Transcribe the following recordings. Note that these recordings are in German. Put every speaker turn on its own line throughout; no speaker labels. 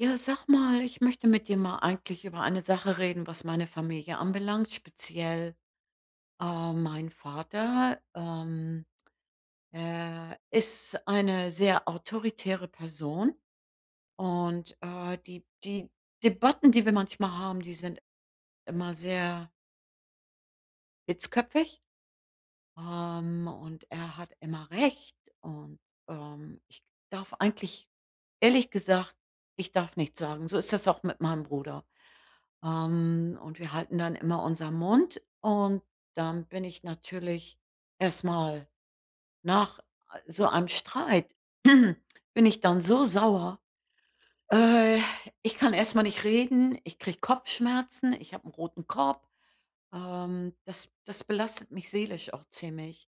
Ja, sag mal, ich möchte mit dir mal eigentlich über eine Sache reden, was meine Familie anbelangt, speziell, ähm, mein Vater, ähm, er ist eine sehr autoritäre Person. Und, äh, die die Debatten, die wir manchmal haben, die sind immer sehr hitzköpfig. Ähm, und er hat immer Recht und, ähm, ich darf eigentlich ehrlich gesagt, ich darf nichts sagen, so ist es auch mit meinem Bruder. Ähm, und wir halten dann immer unser Mund und dann bin ich natürlich erstmal nach so einem Streit bin ich dann so sauer, äh ich kann erstmal nicht reden, ich kriege Kopfschmerzen, ich habe 'nen roten Kopf. Ähm, das das belastet mich seelisch auch ziemlich.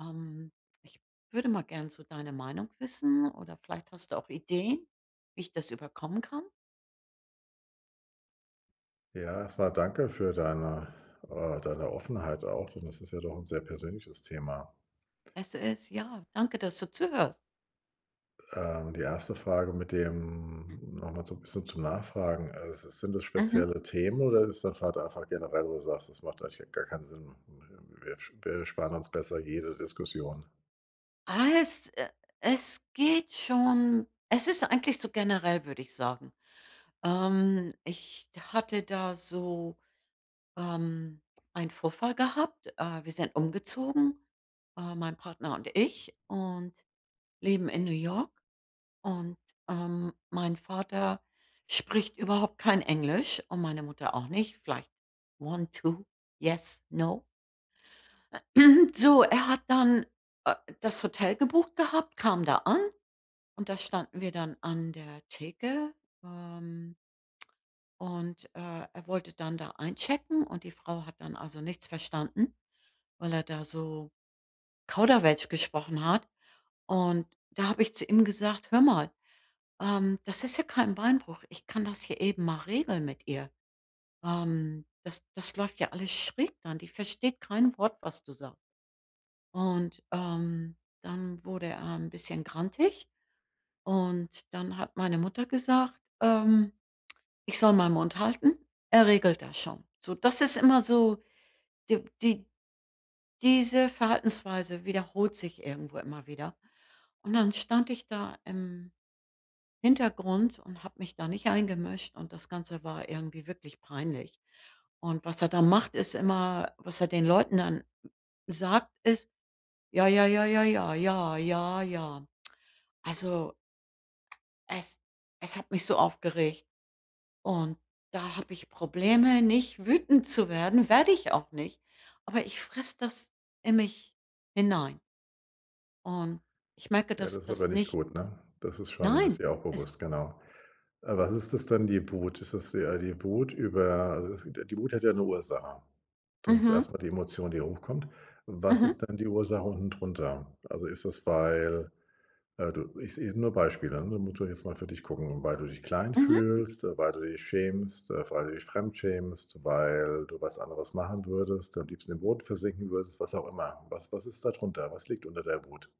Ähm, ich würde mal gerne so deine Meinung wissen oder vielleicht hast du auch Ideen, wie ich das überkommen kann?
Ja, erstmal danke für deine, äh deine Offenheit auch. Und das ist ja doch 'n sehr persönliches Thema.
Es ist ja, danke, dass du zuhörst.
Ähm, die 1. Frage mit dem nochmal so 'n bisschen zum Nachfragen. Äh, si sind das
Mhm.
spezielle Themen oder ist dein Vater einfach generell wo du sagst, das macht eigentlich gar keinen Sinn. Wir wir sparen uns besser jede Diskussion.
Ah, es, äh es geht schon es ist eigentlich so generell, würde ich sagen. Ähm, ich hatte da so, ähm, einen Vorfall gehabt. Äh, wir sind umgezogen, äh, mein Partner und ich und leben in New York und, ähm, mein Vater spricht überhaupt kein Englisch, und meine Mutter auch nicht. Vielleicht: „One, two, yes, no.“ So, er hat dann, äh, das Hotel gebucht gehabt, kam da an und da standen wir dann an der Theke. Ähm und, äh, er wollte dann da einchecken und die Frau hat dann also nichts verstanden, weil er da so Kauderwelsch gesprochen hat. Und da habe ich zu ihm gesagt: „Hör mal, ähm, das ist ja kein Beinbruch. Ich kann das hier eben mal regeln mit ihr. Ähm, das das läuft ja alles schräg dann, die versteht kein Wort, was du sagst.“ Und, ähm, dann wurde er 'n bisschen grantig und dann hat meine Mutter gesagt, ähm, ich soll meinen Mund halten. Er regelt das schon. So, das ist immer so die die diese Verhaltensweise wiederholt sich irgendwo immer wieder. Und dann stand ich da im Hintergrund und habe mich da nicht eingemischt und das Ganze war irgendwie wirklich peinlich. Und was er da macht, ist immer, was er den Leuten dann sagt, ist: „Ja, ja, ja, ja, ja, ja, ja, ja.“ Also es es hat mich so aufgeregt. Und da habe ich Probleme, nicht wütend zu werden werde ich auch nicht. Aber ich fresse das in mich hinein. Und ich merke,
Ja,
dass
das ist
das
aber nicht
nicht
gut, ne? Das ist schon ist
Nein,
ihr auch
es
bewusst, genau. Äh, was ist das denn die Wut? Ist das eher die Wut über [unintelligible] die Wut hat ja 'ne Ursache. Das ist
Mhm.
erstmal die Emotion, die hochkommt. Was
Mhm.
ist denn die Ursache unten drunter? Also, ist das, weil, äh, du is e nur Beispiele, äh, da musst du jetzt mal für dich gucken, weil du dich klein
Mhm.
fühlst, weil du dich schämst, äh, weil du dich fremdschämst, weil du was anderes machen würdest, am liebsten im Boot versinken würdest? Was auch immer. Was was ist da drunter? Was liegt unter der Wut?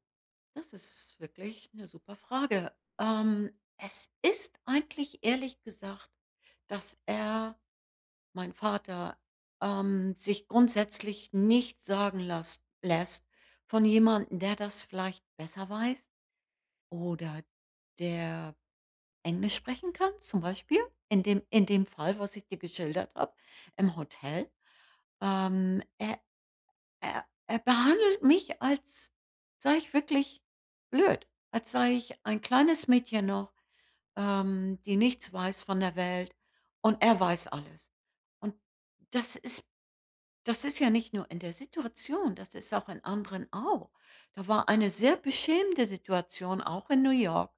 Das ist wirklich 'ne super Frage. Ähm, es ist eigentlich ehrlich gesagt, dass er, mein Vater, ähm, sich grundsätzlich nichts sagen lasst lässt von jemandem, der das vielleicht besser weiß oder der Englisch sprechen kann, zum Beispiel, in dem in dem Fall, was ich dir geschildert habe, im Hotel. Ähm, er er er behandelt mich, als sei ich wirklich blöd, als sei ich ein kleines Mädchen noch, ähm, die nichts weiß von der Welt. Und er weiß alles. Und das ist das ist ja nicht nur in der Situation, das ist auch in anderen auch. Da war eine sehr beschämende Situation auch in New York.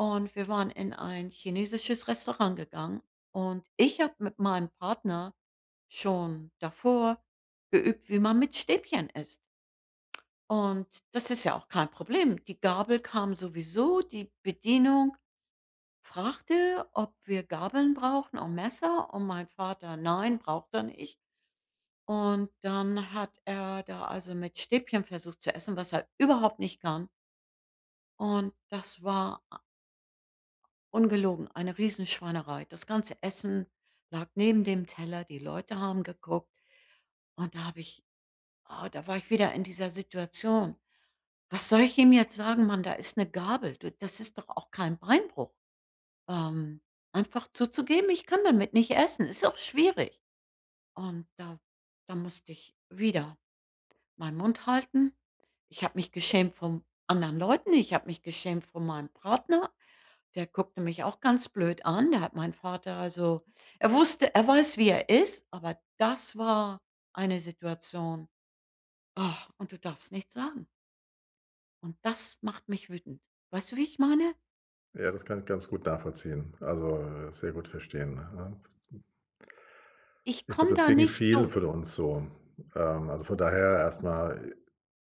Und wir waren in ein chinesisches Restaurant gegangen und ich habe mit meinem Partner schon davor geübt, wie man mit Stäbchen isst. Und das ist ja auch kein Problem. Die Gabel kam sowieso, die Bedienung fragte, ob wir Gabeln brauchen und Messer, und mein Vater: „Nein.“ Braucht er nicht. Und dann hat er da, also, mit Stäbchen versucht zu essen, was er überhaupt nicht kann. Und das war a ungelogen, eine Riesenschweinerei. Das ganze Essen lag neben dem Teller, die Leute haben geguckt. Und da habe ich ah, da war ich wieder in dieser Situation. Was soll ich ihm jetzt sagen, Mann? Da ist 'ne Gabel. Du das ist doch auch kein Beinbruch. Ähm, einfach zuzugeben „ich kann damit nicht essen“. Ist auch schwierig. Und da da musste ich wieder meinen Mund halten. Ich habe mich geschämt vom anderen Leuten, ich habe mich geschämt vor meinem Partner, der guckte mich auch ganz blöd an, da hat meinen Vater also, er wusste er weiß, wie er ist, aber das war eine Situation. und du darfst nicht sagen. Und das macht mich wütend. Weißt du, wie ich meine?
Ja, das kann ich ganz gut nachvollziehen, also, äh, sehr gut verstehen, ne?
Ich
Ich glaube,
komme
das
da
ging
nicht
vielen
durch.
von uns so, ähm, also, von daher erstmal,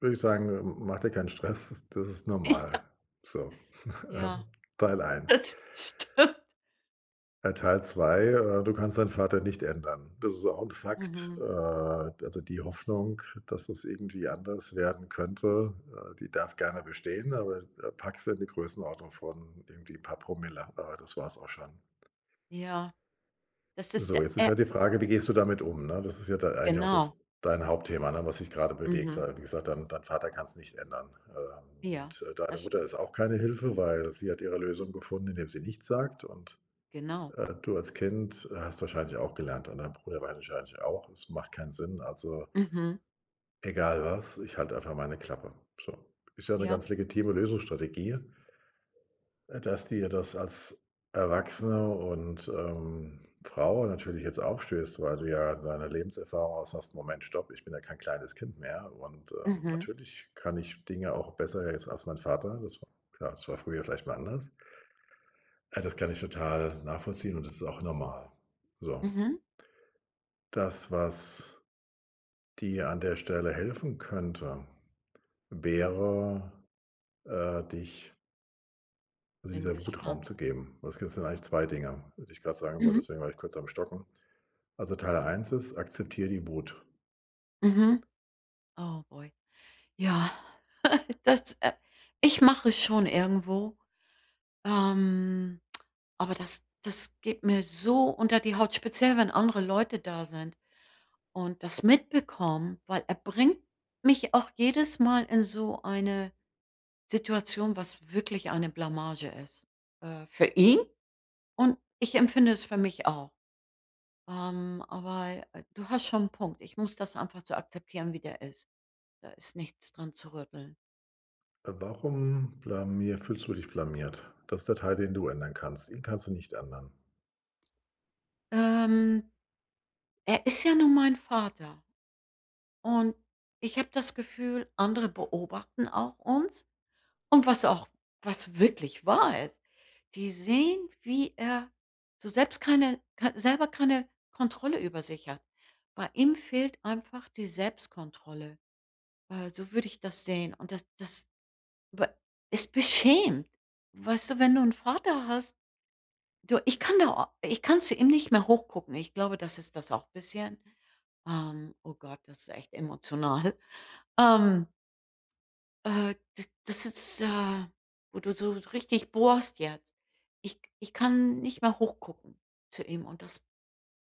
würde ich sagen, äh, macht dir keinen Stress. Das ist das ist normal
Ja.
so. Ähm,
Ja.
Teil 1.
Das stimmt.
Bei Teil 2 äh, du kannst deinen Vater nicht ändern. Das ist auch 'n Fakt. Äh,
Mhm.
also die Hoffnung, das es irgendwie anders werden könnte, äh, die darf gerne bestehen. Aber, äh, pack sie in die Größenordnung von irgendwie paar Promille. Aber das war's auch schon.
Ja. Das ist
So,
der,
jetzt ist
äh
ja die Frage wie gehst du damit um, ne? Das ist ja da eigentlich auch
Genau.
das dein Hauptthema, ne, was dich gerade bewegt,
Mhm.
weil wie gesagt, dein dein Vater kannst nicht ändern. Ähm,
Ja,
und deine
das
Mutter
stimmt.
ist auch keine Hilfe, weil sie hat ihre Lösung gefunden, indem sie nichts sagt und,
Genau.
äh, du als Kind, äh, hast wahrscheinlich auch gelernt. Und dein Bruder wahrscheinlich auch. Es macht keinen Sinn. Also
Mhm.
egal was, ich halte einfach meine Klappe, so. Ist ja 'ne
Ja.
ganz legitime Lösungsstrategie. Äh, dass dir das als Erwachsene und, ähm, Frau natürlich jetzt aufstößt, weil du ja in deiner Lebenserfahrung aus hast: „Moment Stop. Ich bin ja kein kleines Kind mehr. Und, ähm,
Mhm.
natürlich kann ich Dinge auch besser jetzt als mein Vater.“ Das w Klar, das war früher vielleicht mal anders. Äh, das kann ich total nachvollziehen. Und das ist auch normal. So.
Mhm.
Das, was dir an der Stelle helfen könnte, wäre, äh, dich Also
Bin
dieser Wut
gespannt.
Raum zu geben, weil es gibt sind eigentlich 2 Dinger, würde ich grad sagen wollte.
Mhm.
Deswegen war ich kurz am Stocken. Also, Teil 1 ist: Akzeptiere die Wut.
Mhm. Oh, Boy. Ja, das, äh ich mache schon irgendwo, ähm, aber das das geht mir so unter die Haut, speziell, wenn andere Leute da sind und das mitbekommen, weil er bringt mich auch jedes Mal in so eine Situation, was wirklich eine Blamage ist, äh, für ihn und ich empfinde es für mich auch. Ähm, aber du hast schon 'n Punkt. Ich muss das einfach so akzeptieren, wie der ist. Da ist nichts dran zu rütteln.
Äh, warum blamier fühlst du dich blamiert? Das der Teil, den du ändern kannst. Ihn kannst du nicht ändern.
Ähm, er ist ja nur mein Vater und, ich habe das Gefühl, andere beobachten auch uns. Und was auch was wirklich wahr ist, die sehen, wie er so selbst keine kei selber keine Kontrolle über sich hat. Bei ihm fehlt einfach die Selbstkontrolle. Äh, so würde ich das sehen und das das b es beschämt. Weißt du, wenn du n' Vater hast du ich kann da ich kann zu ihm nicht mehr hoch gucken. Ich glaube, das ist das auch bisschen, ähm oh Gott, das ist echt emotional. Ähm äh, d das ist, äh wo du so richtig bohrst jetzt. Ich ich kann nicht mehr hoch gucken zu ihm und das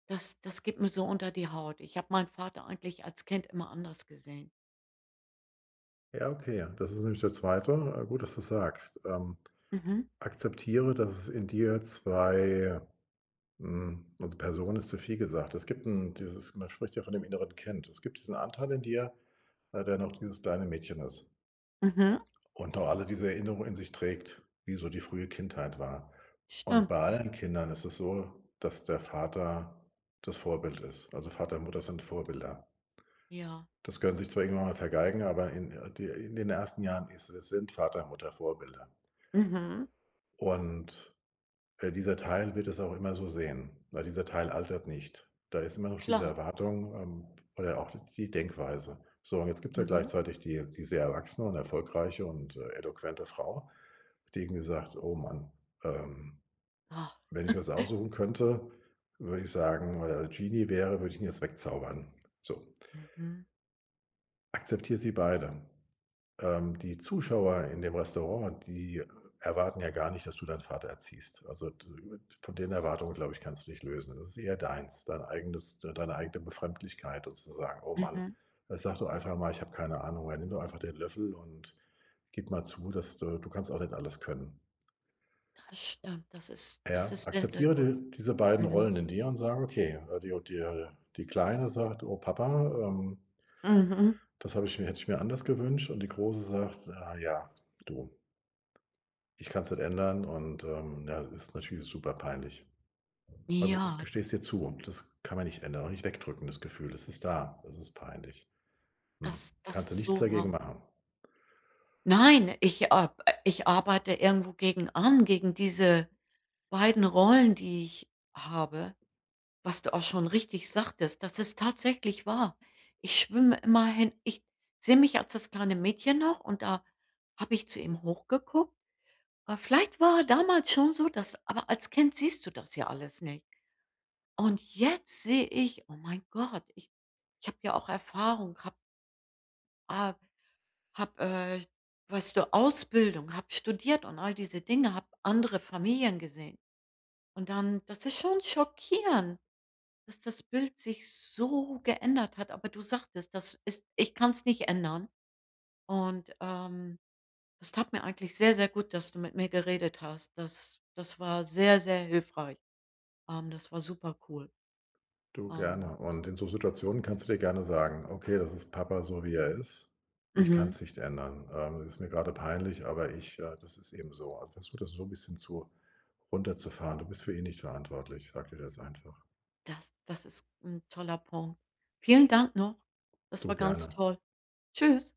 das das geht mir so unter die Haut. Ich habe meinen Vater eigentlich als Kind immer anders gesehen.
Ja okay. Das ist nämlich der zweite äh, gut, dass du es sagst. Ähm,
Mhm.
akzeptiere, dass es in dir 2 hm, also Personen ist zu viel gesagt. Es gibt 'n dieses man spricht ja von dem Inneren Kind. Es gibt diesen Anteil in dir, äh, der noch dieses kleine Mädchen ist.
Mhm.
Und auch alle diese Erinnerungen in sich trägt, wie so die frühe Kindheit war. Und
Stimmt.
bei allen Kindern ist es so, dass der Vater das Vorbild ist, also Vater und Mutter sind Vorbilder.
Ja.
Das können sie sich zwar irgendwann mal vergeigen, aber in, äh in den ersten Jahren ist äh, sind Vater, Mutter Vorbilder.
Mhm.
Und, äh, dieser Teil wird es auch immer so sehen, weil dieser Teil altert nicht. Da ist immer noch diese
Klar.
Erwartung, ähm, oder auch d die Denkweise. So, und jetzt gibt es ja
Mhm.
gleichzeitig die die sehr erwachsene und erfolgreiche und, äh, eloquente Frau, die irgendwie sagt: „Oh Mann. Ähm,
Ah.
wenn ich was aussuchen könnte, würde ich sagen oder Genie wäre, würde ich ihn jetzt wegzaubern,“ so.
Mhm.
Akzeptier sie beide. Ähm, die Zuschauer in dem Restaurant, die erwarten ja gar nicht, dass du deinen Vater erziehst. Also, von den Erwartungen, glaube ich, kannst du dich lösen. Das ist eher deins. Dein eigenes d deine eigene Befremdlichkeit sozusagen. Oh Mann
Mhm.
jetzt sag doch einfach mal ich habe keine Ahnung. Ja nimm doch einfach den Löffel und gib mal zu, dass du du kannst auch nicht alles können.
Das stimmt, das ist das
Ja?
ist sehr, sehr
Akzeptiere
gut,
diese diese beiden
mhm.
Rollen in dir und sage okay [unintelligible] die die Kleine sagt: „Oh, Papa, ähm“
Mhm.
„das habe ich mir hätte ich mir anders gewünscht,“ und die große sagt: „Ah, ja, du“ „ich kann es nicht ändern. Und, ähm, ja, ist natürlich super peinlich.“ Also
Ja.
gesteh es dir zu. Das kann man nicht ändern und nicht wegdrücken das Gefühl. Es ist da. Das ist peinlich. Hm,
Das das
kannst du
ist
nichts
so
dagegen
wahr.
machen.
Nein, ich, äh äh, ich arbeite irgendwo gegen an, gegen diese beiden Rollen, die ich habe. Was du auch schon richtig sagtest, das ist tatsächlich wahr. Ich schwimme immer hin. Ich sehe mich als das kleine Mädchen noch. Und da habe ich zu ihm hochgeguckt. Aber vielleicht war er damals schon so, dass aber als Kind siehst du das ja alles nicht. Und jetzt sehe ich: „Oh, mein Gott, ich ich habe ja auch Erfahrung, habe“ „ah, habe, äh weißt du, Ausbildung, habe studiert und all diese Dinge, habe andere Familien gesehen.“ Und dann das ist schon schockierend, dass das Bild sich so geändert hat. Aber du sagtest, das ist ich kann's nicht ändern. Und, ähm, es tat mir eigentlich sehr, sehr gut, dass du mit mir geredet hast. Das das war sehr, sehr hilfreich. Ähm, das war super cool.
Du,
Ähm.
gerne. Und in so Situationen kannst du dir gerne sagen: „Okay, das ist Papa so, wie er ist. Ich
Mhm.
kann's nicht ändern. Ähm, ist mir gerade peinlich. Aber ich, äh das ist eben so.“ Also versuch das so bisschen zu runterzufahren. Du bist für ihn nicht verantwortlich. Sag dir das einfach.
Das das ist 'n toller Punkt. Vielen Dank noch. Das
Du,
war ganz
gerne.
toll. Tschüss.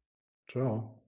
Tschau.